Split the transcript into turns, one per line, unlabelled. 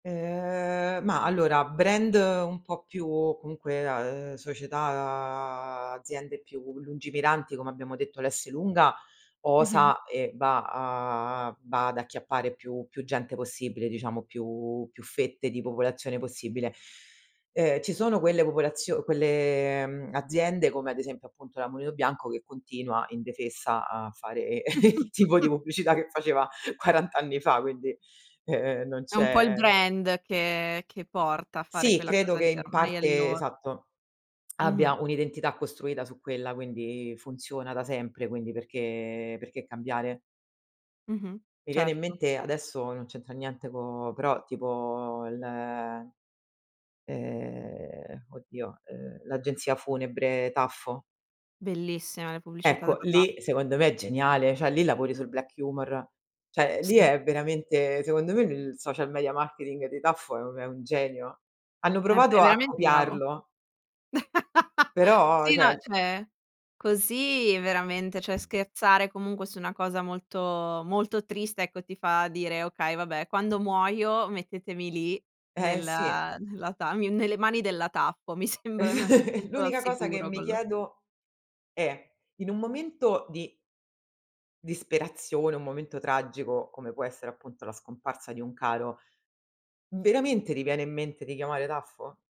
Ehm, mah, allora, brand un po' più comunque a uhm, società aziende più lungimiranti, come abbiamo detto, l'Esselunga
Mh-mh.
osa e va a va ad acchiappare più più gente possibile, diciamo più più fette di popolazione possibile. Ehm, ci sono quelle popolazio quelle aziende come ad esempio appunto la Mulino Bianco, che continua indefessa a fare il tipo di pubblicità che faceva 40 anni fa, quindi, ehm, non
È un po' il
c'è
brand che che porta a fare
Sì,
quella
credo
cosa
che
lì,
in
ormai è il
parte
loro.
esatto,
Mh-mh.
abbia un'identità costruita su quella, quindi funziona da sempre, quindi perché perché cambiare?
Mh-mh.
Mi viene in
Certo.
mente adesso non c'entra niente co però tipo le ehm, oddio, uhm, l'agenzia funebre Taffo.
Bellissime le pubblicità
Ecco,
della Taf
lì secondo me è geniale, cioè lì lavori sul black humor. Cioè, lì
Sì.
è veramente secondo me, il social media marketing di Taffo è u è un genio. Hanno
È
provato
è
a
veramente bravo.
copiarlo però,
Sì, no,
cioè
cioè, così veramente cioè, scherzare comunque su una cosa molto molto triste, ecco, ti fa dire: "Okay, vabbè, quando muoio mettetemi lì
Eh, sì.
nella nella tamiu nelle mani della Taffo. Mi sembra me mi sento al
L'unica cosa che
sicuro
mi
con lo"
chiedo è: in un momento di disperazione, un momento tragico, come può essere appunto la scomparsa di un caro, veramente ti viene in mente di chiamare Taffo?